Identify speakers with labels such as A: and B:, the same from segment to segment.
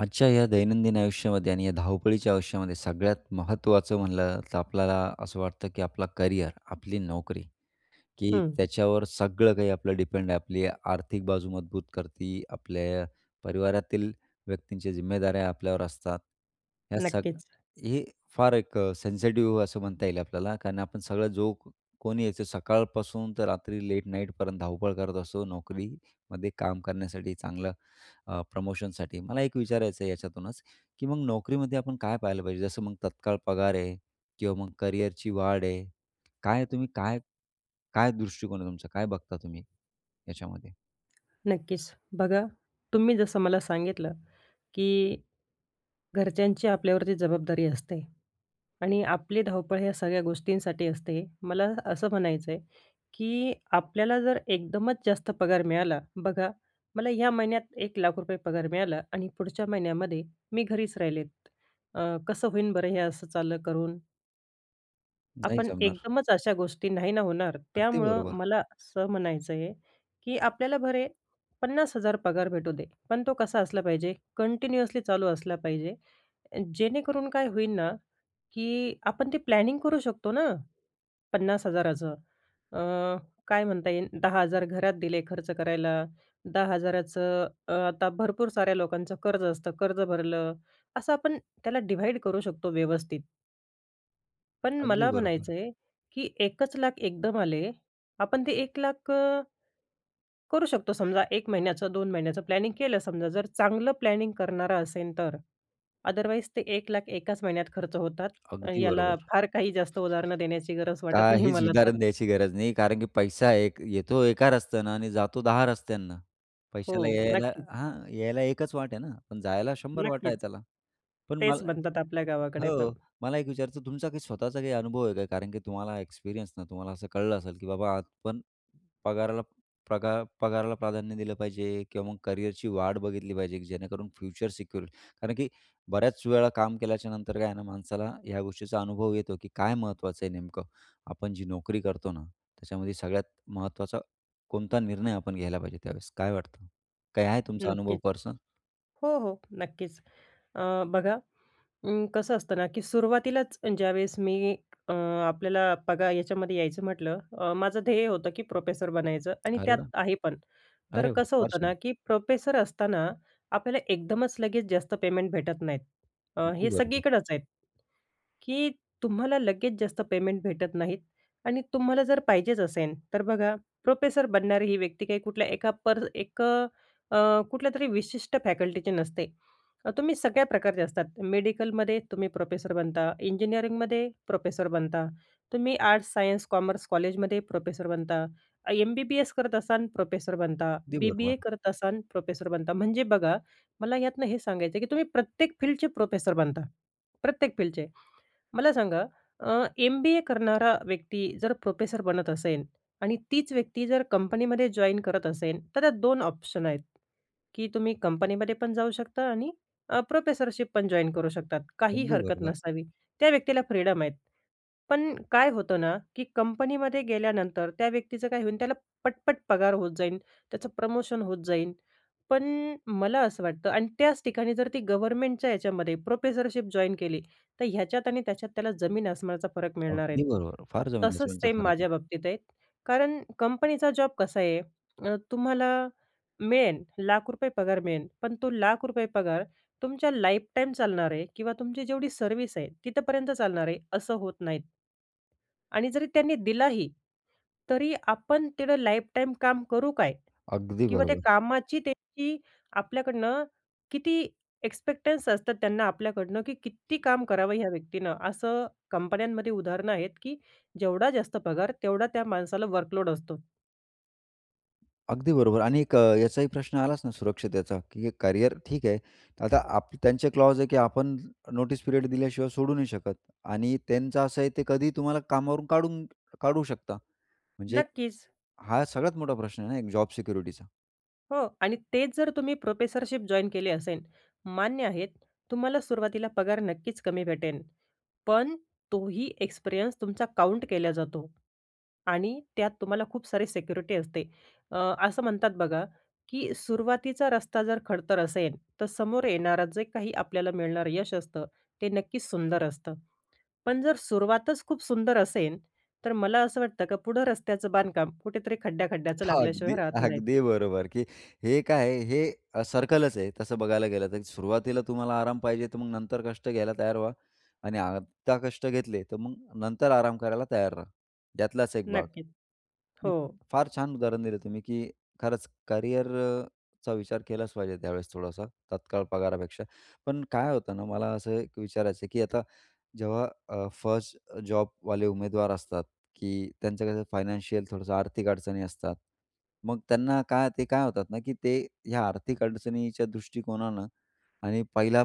A: आजच्या या दैनंदिन आयुष्यामध्ये आणि या धावपळीच्या आयुष्यामध्ये, सगळ्यात महत्त्वाचं म्हटलं तर, आपल्याला असं वाटतं, की आपलं करिअर, आपली नोकरी की
B: हं.
A: त्याच्यावर सगळं काही आपलं डिपेंड आहे. आपली आर्थिक बाजू मजबूत करते आपल्या परिवारातील व्यक्तींच्या जिम्मेदाऱ्या आपल्यावर असतात. ह्या सग
B: नक्कीच.
A: हे फार एक अ, सेन्सिटिव्ह आहे असं म्हणता येईल आपल्याला, कारण आपण सगळं जो कोणी यायचं सकाळपासून ते रात्री लेट नाईटपर्यंत धावपळ करत असतो, नोकरीमध्ये काम करण्यासाठी, चांगल्या अ, प्रमोशनसाठी. मला एक विचारायचं आहे याच्यातूनच की मग नोकरीमध्ये आपण काय पाहिलं पाहिजे, जसं मग तत्काळ पगार आहे किंवा मग करियरची वाढ आहे, काय तुम्ही काय काय दृष्टिकोन आहे तुमचा, काय बघता तुम्ही याच्यामध्ये?
B: नक्कीच. बघा तुम्ही जसं मला सांगितलं, की घरच्यांची आपल्यावरती जबाबदारी असते आणि आपली धावपळ या सगळ्या गोष्टींसाठी असते. मला असं म्हणायचं आहे, की आपल्याला जर एकदमच जास्त पगार मिळाला. बघा, "मला या महिन्यात ₹1,00,000 पगार मिळाला आणि पुढच्या महिन्यामध्ये मी घरीच राहिले." अ, कसं होईल बरं हे असं चाललं करून?
A: नाही
B: आपण
A: जमणार.
B: एकदमचं अशा गोष्टी नाही ना होणार.
A: अगदी
B: त्यामुळं
A: बरोबर.
B: मला असं म्हणायचं आहे की आपल्याला भले 50,000 पगार भेटू दे. पण तो कसा असला पाहिजे? कंटिन्युअसली चालू असला पाहिजे. अ, जेणेकरून काय होईल ना की आपण ते प्लॅनिंग करू शकतो ना. 50,000 चं अ, काय म्हणता येईल 10,000 घरात दिले खर्च करायला, 10,000 चं अ, आता भरपूर साऱ्या लोकांचं कर्ज असतं, कर्ज भरलं, असं आपण त्याला डिव्हाईड करू शकतो व्यवस्थित. पण
A: अगदी
B: मला
A: बरोबर.
B: म्हणायचंय की 1 चं लाख एकदम आले. आपण ते 1 लाख अ, करू शकतो समजा 1 महिन्याचं 2 महिन्याचं प्लॅनिंग केलं समजा. जर चांगलं प्लॅनिंग करणारा असेन तर अदरवाईज ते 1 लाख एकाचं महिन्यात खर्च होतात आणि
A: अगदी बरोबर.
B: याला फार काही जास्त उदाहरणं देण्याची गरज वाटत नाही
A: काहीचं
B: मला तर.
A: उदाहरण द्यायची गरज नाही. कारण की पैसा एक, येतो एका रस्त्यानं आणि जातो दहा रस्त्यांनं.
B: हो,
A: पैशाला यायला
B: नक्कीच.
A: हा, यायला एकचं वाट आहे ना, पण जायला शंभर वाटा आहे
B: नक्कीच.
A: त्याला. पण
B: तेच
A: मला
B: बनतात आपल्या गावाकडे पण.
A: हो, मला एक विचारायचं, तुमचा काही स्वतःचा काही अनुभव आहे का? कारण की तुम्हाला एक्सपिरियन्स ना, तुम्हाला असं कळलं असेल की बाबा आज पण पगाराला, प्रगा पगाराला प्राधान्य दिलं पाहिजे किंवा मग करियरची वाट बघितली पाहिजे की जेणेकरून फ्युचर सिक्युअर होईल. कारण की बऱ्याचं वेळा काम केल्याच्या नंतर काय आहे ना, माणसाला ह्या गोष्टीचा अनुभव येतो की काय महत्त्वाचं आहे नेमकं. आपण जी नोकरी करतो ना, त्याच्यामध्ये सगळ्यात महत्त्वाचा कोणता निर्णय आपण घ्यायला पाहिजे त्यावेळेस. काय वाटतं? काय आहे तुमचा अनुभव
B: नक्कीचं.
A: पर्सनल?
B: हो, हो. नक्कीचं. अ, बघा अं, कसं असतं ना की सुरुवातीलाचं ज्यावेळेस मी अं, आपल्याला बघा याच्यामध्ये यायचं म्हटलं अ, माझं ध्येय होतं की प्रोफेसर बनायचं आणि
A: अरे
B: त्यात
A: वाह!
B: आहे पण. तर
A: अरे वाह!
B: कसं
A: फार
B: होतं ना
A: छान.
B: की प्रोफेसर असताना आपल्याला एकदमचं लगेच जास्त पेमेंट भेटत नाहीत. अ,
A: अगदी
B: हे
A: बरोबर.
B: सगळीकडचं आहेत की तुम्हाला लगेच जास्त पेमेंट भेटत नाहीत आणि तुम्हाला जर पाहिजेचं असेल, तर बघा प्रोफेसर बनणारी ही व्यक्ती काही कुठल्या एका पर एक अ, कुठल्यातरी विशिष्ट फॅकल्टीची नसते. तुम्ही सगळ्या प्रकारचे असतात. मेडिकलमध्ये तुम्ही प्रोफेसर बनता, इंजिनिअरिंगमध्ये प्रोफेसर बनता, तुम्ही आर्ट्स, सायन्स, कॉमर्स कॉलेजमध्ये प्रोफेसर बनता, एम-बी-बी-एस करत असाल प्रोफेसर बनता,
A: अगदी
B: बी-बी-ए
A: बरोबर.
B: करत असाल, प्रोफेसर बनता. म्हणजे बघा, मला यातून हे सांगायचं आहे की तुम्ही प्रत्येक फील्डचे प्रोफेसर बनता. प्रत्येक फील्डचे. मला सांगा एम-बी-ए करणारा व्यक्ती जर प्रोफेसर बनत असेल आणि तीच व्यक्ती जर कंपनीमध्ये जॉइन करत असेल, तर त्यात 2 ऑप्शन आहेत की तुम्ही कंपनीमध्ये पण जाऊ शकता आणि अ, प्रोफेसरशिप पण जॉइन करू शकतात काही
A: अगदी
B: हरकत
A: बरोबर.
B: नसावी. त्या व्यक्तीला फ्रीडम आहेत. पण काय होतं ना की कंपनीमध्ये गेल्यानंतर, त्या व्यक्तीचं काय होईल, त्याला पट-पट पगार होत जाईल, त्याचं प्रमोशन होत जाईल. पण मला असं वाटतं आणि त्याचं ठिकाणी जर ती गव्हर्नमेंटच्या याच्यामध्ये प्रोफेसरशिप जॉइन केली तर ह्याच्यात आणि त्याच्यात त्याला जमीन आसमानाचा फरक मिळणार आहे.
A: अगदी बरोबर. फार जमीन
B: तसंच
A: आसमानाचा
B: सेम
A: फरक आहे.
B: माझ्या बाबतीत आहे. कारण कंपनीचा जॉब कसा आहे अ, तुम्हाला मिळेल, लाख रुपये पगार मिळेल. पण तो लाख रुपये पगार तुमच्या लाईफटाईम चालणार आहे किंवा तुमची जेवढी सर्व्हिस आहे, तिथपर्यंत चालणार आहे. असं होत नाहीत. आणि जरी त्यांनी दिला ही तरी आपण तेवढं लाईफटाईम काम करू काय?
A: अगदी
B: किंवा त्या
A: बरोबर.
B: कामाची त्यांची आपल्याकडनं किती एक्स्पेक्टन्स असतात त्यांना आपल्याकडनं की कित्ती काम करावं ह्या व्यक्तीनं, असं कंपन्यांमध्ये उदाहरणं आहेत की जेवढा जास्त पगार, तेवढा त्या माणसाला वर्कलोड असतो.
A: अगदी बरोबर. आणि अ, याचाही प्रश्न आलाच ना सुरक्षितेचा, की हे करिअर ठीक आहे. आता आप त्यांचे क्लॉज आहेत की आपण ज् नोटीस पिरियड दिल्याशिवाय सोडू नाही शकत आणि त्यांचं असं आहे, ते कधीही तुम्हाला कामावरून काढून काढू शकतात. म्हणजे
B: नक्कीच.
A: हा सगळ्यात मोठा प्रश्न आहे ना एक जॉब सिक्युरिटीचा.
B: हो. आणि तेच जर तुम्ही प्रोफेसरशिप जॉइन केली असेल, मान्य आहे तुम्हाला सुरुवातीला पगार नक्कीच कमी भेटेन. पण तोही एक्सपिरियन्स तुमचा काउंट केला जातो आणि त्यात तुम्हाला खूप सारी सिक्युरिटी असते. अ, असं म्हणतात बघा, की सुरुवातीचा रस्ता जर खडतर असेल तर समोर येणारं जे काही आपल्याला मिळणारं यश असतं, ते नक्कीच सुंदर असतं. पण जर सुरुवातच खूप सुंदर असेल तर मला असं वाटतं की पुढं रस्त्याचं बांधकाम कुठेतरी खड्ड्या-खड्ड्याचं लागल्याशिवाय
A: अगदी,
B: राहत नाही.
A: अगदी बरोबर. की, हे काय आहे? हे सर्कलच आहे, तसं बघायला गेलं तर. सुरुवातीला तुम्हाला आराम पाहिजे तर मग नंतर कष्ट घ्यायला तयार व्हा आणि आता कष्ट घेतले तर मग नंतर आराम करायला तयार राहा, त्यातलाच एक भाग.
B: नक्कीच, हो.
A: उम्म, फार छान उदाहरण दिलं तुम्ही, की खरंच करिअर अ, ...चा विचार केलाच पाहिजे, त्यावेळेस थोडासा तात्काळ पगारापेक्षा. पण काय होतं ना, मला असं एक विचारायचं आहे की आता जेव्हा अ, फर्स्ट जॉबवाले उमेदवार असतात की त्यांच्या कशा फायनान्शियल थोडंसं आर्थिक अडचणी असतात. मग त्यांना काय ते काय होतात ना, की ते ह्या आर्थिक अडचणीच्या दृष्टिकोनानं आणि पहिला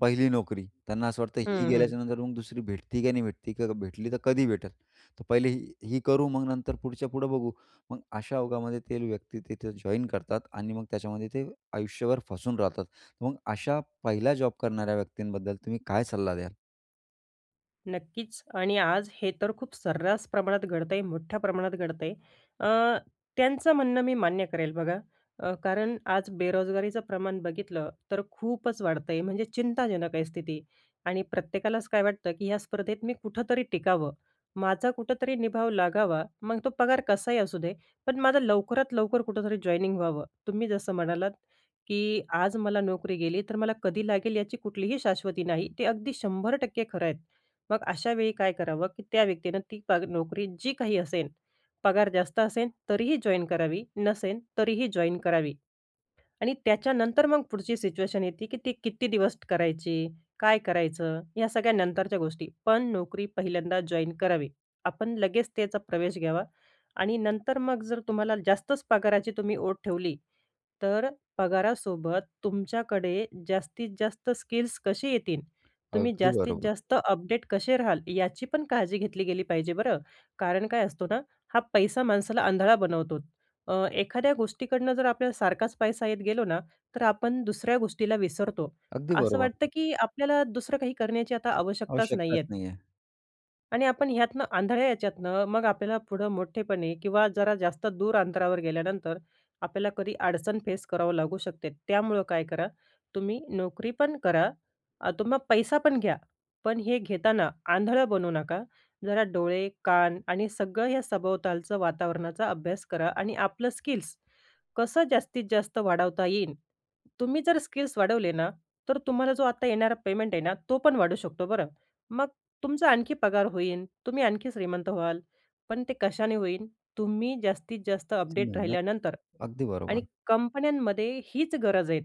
A: पहिली नोकरी. त्यांना असं वाटतं, ही
B: हं, हं.
A: गेल्याच्यानंतर मग दुसरी भेटती की नाही भेटती, की भेटली तर कधी भेटेल. तर पहिले ही करू, मग नंतर पुढच्या पुढं बघू. मग अशा ओघामध्ये ते व्यक्ती तिथे जॉइन करतात आणि मग त्याच्यामध्ये ते आयुष्यभर फसून राहतात. मग अशा पहिल्या जॉब करणाऱ्या व्यक्तींबद्दल तुम्ही काय सल्ला द्याल?
B: नक्कीच आणि आज हे तर खूप सर्रास प्रमाणात घडत आहे, मोठ्या प्रमाणात घडत आहे. अ, त्यांचं म्हणणं मी मान्य करेल बघा. अ, कारण आज बेरोजगारीचं प्रमाण बघितलं, तर खूपच वाढतंय, म्हणजे चिंताजनक आहे स्थिती आणि प्रत्येकालाच काय वाटतं, की या स्पर्धेत मी कुठेतरी टिकावं, माझा कुठेतरी निभाव लागावा, मग तो पगार कसाही असू दे पण माझं लवकरात लवकर कुठेतरी जॉइनिंग व्हावं. तुम्ही जसं म्हणालात की आज मला नोकरी गेली, तर मला कधी लागेल याची कुठलीही शाश्वती नाही. ते अगदी 100% खरं आहेत. मग अशावेळी काय करावं, की त्या व्यक्तीनं ती पग नोकरी जी काही असेन, पगार जास्त असेन, तरीही जॉइन करावी नसेन, तरीही जॉइन करावी आणि त्याच्यानंतर मग पुढची सिच्युएशन येते, की ती किती दिवस करायची? काय करायचं? ह्या सगळ्या नंतरच्या गोष्टी. पण नोकरी पहिल्यांदा जॉइन करावी. आपण लगेच त्याचा प्रवेश घ्यावा आणि नंतर मग जर तुम्हाला जास्तच पगाराची तुम्ही ओढ ठेवली, तर पगारासोबत तुमच्याकडे जास्तीत जास्त स्किल्स कशी येतील, तुम्ही
A: अगदी
B: जास्तीत
A: बरोबर.
B: जास्त अपडेट कसे राहाल, याची पण काळजी घेतली गेली पाहिजे बरं. कारण काय असतो ना, हा पैसा माणसाला आंधळा बनवतो. अ, एखाद्या गोष्टीकडनं जर आपल्याला सारखाच पैसा येत गेलो ना, तर आपण दुसऱ्या गोष्टीला विसरतो.
A: अगदी
B: असं
A: बरोबर.
B: वाटतं, की आपल्याला दुसरं काही करण्याची आता आवश्यकताच नाही
A: आवश्यकताच
B: आहेत.
A: नाही आहे.
B: आणि आपण ह्यातनं आंधळ्या याच्यातनं, मग आपल्याला पुढं मोठेपणी किंवा जरा जास्त दूर अंतरावर गेल्यानंतर, आपल्याला कधी अडचण फेस करावं लागू शकते. त्यामुळं काय करा, तुम्ही नोकरीपण करा, अ, तुम्ही पैसा पण घ्या. पण हे घेताना आंधळं बनू नका. जरा डोळे, कान आणि सगळं हे सभोवतालचं वातावरणाचा अभ्यास करा आणि आपलं स्किल्स, कसं जास्तीत जास्त वाढवता येईल, तुम्ही जर स्किल्स वाढवले ना, तर तुम्हाला जो आता येणारा पेमेंट आहे ना, तो पण वाढू शकतो बरं. मग तुमचा आणखी पगार होईन. तुम्ही आणखी श्रीमंत व्हाल. पण ते कशाने होईल तुम्ही जास्तीत जास्त अपडेट
A: मेहनत.
B: राहिल्यानंतर.
A: अगदी
B: आणि
A: बरोबर.
B: कंपन्यांमध्ये हीच गरज आहे.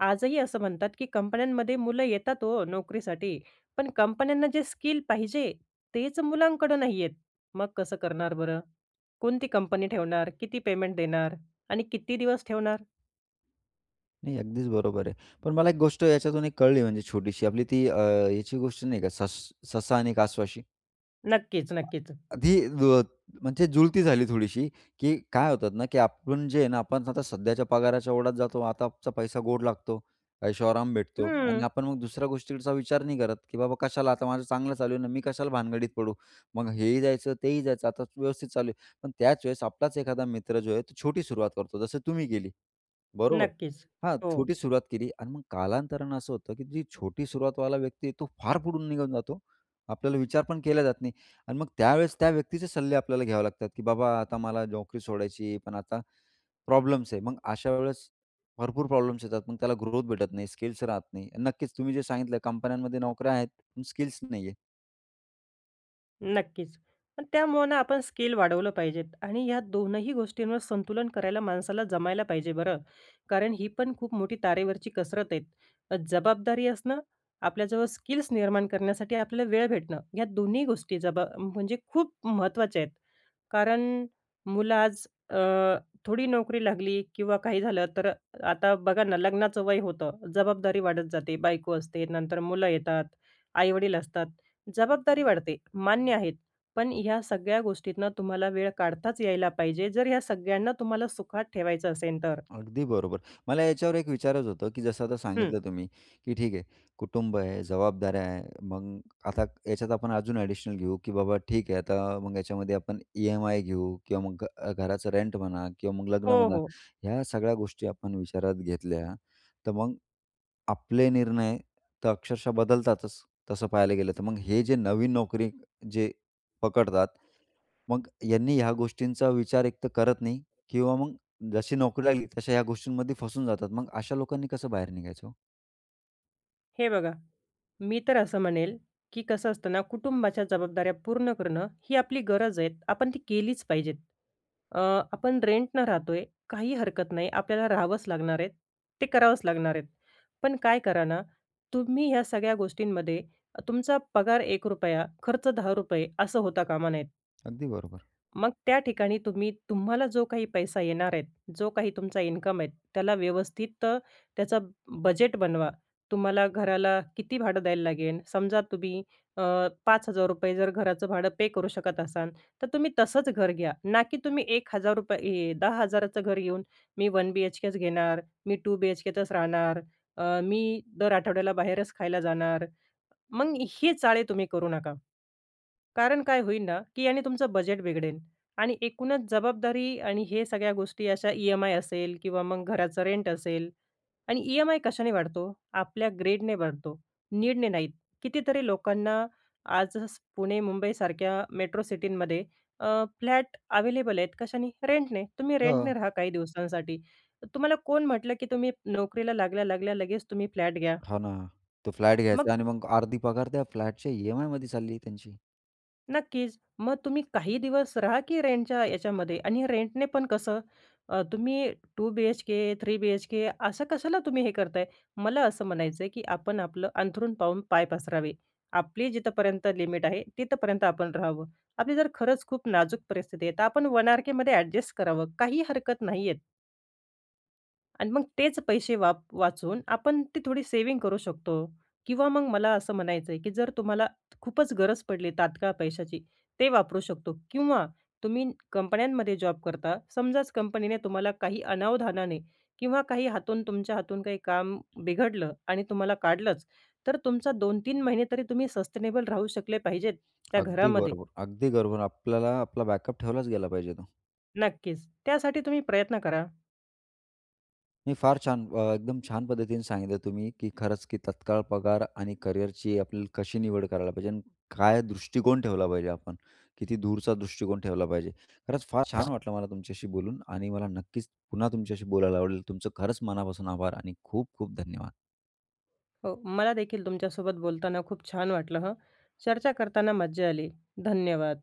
B: आजही असं म्हणतात, की कंपन्यांमध्ये मुलं येतात हो नोकरीसाठी. पण कंपन्यांना जे स्किल पाहिजे तेच मुलांकडं नाही आहेत. मग कसं करणार बरं? कोणती कंपनी ठेवणार? किती पेमेंट देणार? आणि किती दिवस ठेवणार?
A: नाही, अगदीच बरोबर आहे. पण मला एक गोष्ट याच्यातून एक कळली म्हणजे छोटीशी. आपली ती अ, याची गोष्ट नाही का, सस ससा आणि कासवाची?
B: नक्कीच,
A: आ
B: नक्कीच.
A: आधी ज म्हणजे जुळती झाली थोडीशी. की काय होतात ना, की आपण जे आहे ना आपण, आता सध्याच्या पगाराच्या ओढात जातो, आताचा पैसा गोड लागतो, ऐशो आराम भेटतो. आणि
B: हं.
A: आपण मग दुसऱ्या गोष्टीकडचा विचार नाही करत, की बाबा कशाला आता माझं चांगलं चालू आहे ना मी कशाला भानगडीत पडू, मग हेही जायचं, तेही जायचं आता व्यवस्थित चालू आहे. पण त्याच वेळेस आपलाच एखादा मित्र जो आहे तो छोटी सुरुवात करतो, जसं तुम्ही केली बरोबर.
B: नक्कीच.
A: हां,
B: हो.
A: छोटी सुरुवात केली आणि मग कालांतरानं असं होतं, की जी छोटी सुरुवातवाला व्यक्ती आहे, तो फार पुढून निघून जातो. आपल्याला विचार पण केला जात नाही. आणि मग त्यावेळेस त्या व्यक्तीचे सल्ले आपल्याला घ्यावे लागतात, की बाबा आता मला नोकरी सोडायची आहे. पण आता प्रॉब्लेम्स आहे, मग अशा वेळेस भरपूर प्रॉब्लेम्स येतात, मग त्याला ग्रोथ भेटत नाही स्किल्स राहत नाही. नक्कीच तुम्ही जे सांगितलं कंपन्यांमध्ये नोकऱ्या आहेत, पण स्किल्स नाही आहे.
B: नक्कीच. पण त्यामुळ आपण स्किल वाढवलं पाहिजेत आणि या दोनही गोष्टींवर संतुलन करायला माणसाला जमायला पाहिजे बरं. कारण ही पण खूप मोठी तारेवरची कसरत आहे. जबाबदारी असणं, आपल्याजवळ स्किल्स निर्माण करण्यासाठी आपल्याला वेळ भेटणं, या दोन्ही गोष्टी जबा म्हणजे खूप महत्त्वाच्या आहेत. कारण मुलं आज अ, थोडी नोकरी लागली किंवा काही झालं तर आता बघा ना, लग्नाचं वय होतं, जबाबदारी वाढत जाते, बायको असते, नंतर मुलं येतात, आईवडील असतात, जबाबदारी वाढते मान्य आहेत. पण ह्या सगळ्या गोष्टींना तुम्हाला वेळ काढताच यायला पाहिजे जर ह्या सगळ्यांना तुम्हाला सुखात ठेवायचं असेल तर.
A: अगदी बरोबर. मला याच्यावर एक विचारायचं होतं, की जसं आता
B: हं.
A: सांगितलं तुम्ही, की ठीक आहे कुटुंब आहे, जबाबदारया आहे, मग आता याच्यात आपण अजून एडिशनल घेऊ, की बाबा ठीक आहे, आता मग याच्यामध्ये आपण ई-एम-आय घेऊ किंवा मग अ, घराचं रेंट म्हणा किंवा मग लग्न
B: हो,
A: म्हणा,
B: हो.
A: ह्या सगळ्या गोष्टी आपण विचारात घेतल्या तर मग आपले निर्णय तर अक्षरशः बदलतातच. तसं पाहायला गेलं तर, मग हे जे नवीन नोकरी जे पकडतात, मग यांनी ह्या गोष्टींचा विचार एक तर करत नाही किंवा मग जशी नोकरी लागली, तशा ह्या गोष्टींमध्ये फसून जातात. मग अशा लोकांनी कसं बाहेर निघायचं हो?
B: हे बघा, मी तर असं म्हणेल, की कसं असतं ना कुटुंबाच्या जबाबदाऱ्या पूर्ण करणं, ही आपली गरज आहे. आपण ती केलीच पाहिजेत. अ, आपण रेंटनं राहतोय, काही हरकत नाही, आपल्याला राहावंच लागणार आहे, ते करावंच लागणार आहेत. पण काय करा ना, तुम्ही या सगळ्या गोष्टींमध्ये तुमचा पगार ₹1 खर्च ₹10 असं होता कामा नयेत.
A: अगदी बरोबर.
B: मग त्या ठिकाणी तुम्ही, तुम्हाला जो काही पैसा येणार आहे, जो काही तुमचा इन्कम आहे, त्याला व्यवस्थित त्याचं बजेट बनवा. तुम्हाला घराला किती भाडं द्यायला लागेल, समजा तुम्ही अ, ₹5,000 जर घराचं भाडं पे करू शकत असाल, तर तुम्ही तसंच घर घ्या, ना की तुम्ही ₹1,000 10,000 चं घर घेऊन, मी वन बीएचकेच घेणार, मी टू बीएचकेतच राहणार, अ, मी दर आठवड्याला बाहेरच खायला जाणार. मग हे चाळे तुम्ही करू नका. कारण काय होईल ना, की आणि तुमचं बजेट बिघडेल. आणि एकूणच जबाबदारी आणि हे सगळ्या गोष्टी अशा ई-एम-आय असेल किंवा मग घराचं रेंट असेल आणि ई-एम-आय कशाने वाढतो? आपल्या ग्रीडने वाढतो, नीडने नाहीत. कितीतरी लोकांना आज स् पुणे, मुंबईसारख्या मेट्रो सिटींमध्ये अ, फ्लॅट अवेलेबल आहेत, कशाने 'रेंटने.' तुम्ही रेंटने
A: हो.
B: राहा काही दिवसांसाठी. तर तुम्हाला कोण म्हटलं, की तुम्ही नोकरीला लागल्या, लागल्या लगेच तुम्ही फ्लॅट घ्या.
A: हो ना. तो फ्लॅट
B: मग
A: घ्यायचा आणि मग अर्धी पगार त्या फ्लॅटच्या ई-एम-आयमध्ये चालली आहे त्यांची.
B: नक्कीच. मग तुम्ही काही दिवस राहा की रेंटच्या याच्यामध्ये. आणि रेंटने पण कसं अ, तुम्ही 2 बी-एच-के, 3 बी-एच-के असं कशाला तुम्ही हे करताय? मला असं म्हणायचं आहे, की आपण आपलं अंथरूण पाहून पाय पसरावे. आपली जिथपर्यंत लिमिट आहे तिथपर्यंत आपण राहावं. आपली जर खरंच खूप नाजूक परिस्थिती आहे, तर आपण 1 आर-केमध्ये एडजस्ट करावं. काही हरकत नाहीये. आणि मग तेच पैसे वा वाचून आपण ती थोडी सेव्हिंग करू शकतो. किंवा मग मला असं म्हणायचं आहे, की जर तुम्हाला खूपच गरज पडली तात्काळ पैशाची ते वापरू शकतो. किंवा तुम्ही कंपन्यांमध्ये जॉब करता. समजाच कंपनीने तुम्हाला काही अनावधानाने किंवा काही हातून तुमच्या हातून काही काम बिघडलं आणि तुम्हाला काढलंच, तर तुमचा 2-3 महिने तरी तुम्ही सस्टेनेबल राहू शकले पाहिजेत त्या
A: अगदी
B: घरामध्ये.
A: बरोबर. अगदी बरोबर आपल्याला आपला बॅकअप ठेवलाच गेला पाहिजे तो.
B: नक्कीच, त्यासाठी तुम्ही प्रयत्न करा.
A: नाही फार छान. अ, एकदम छान पद्धतीने सांगितलं तुम्ही, की खरंच की तत्काळ पगार आणि करिअरची आपल्याला कशी निवड करायला पाहिजे आणि काय दृष्टिकोन ठेवला पाहिजे आपण. किती दूरचा दृष्टिकोन ठेवला पाहिजे. खरंच फार छान वाटलं मला तुमच्याशी बोलून आणि मला नक्कीच पुन्हा तुमच्याशी बोलायला आवडेल. तुमचं खरंच मनापासून आभार आणि खूप खूप धन्यवाद.
B: हो, मलादेखील तुमच्यासोबत बोलताना खूप छान वाटलं हं. चर्चा करताना मज्जा आली. धन्यवाद.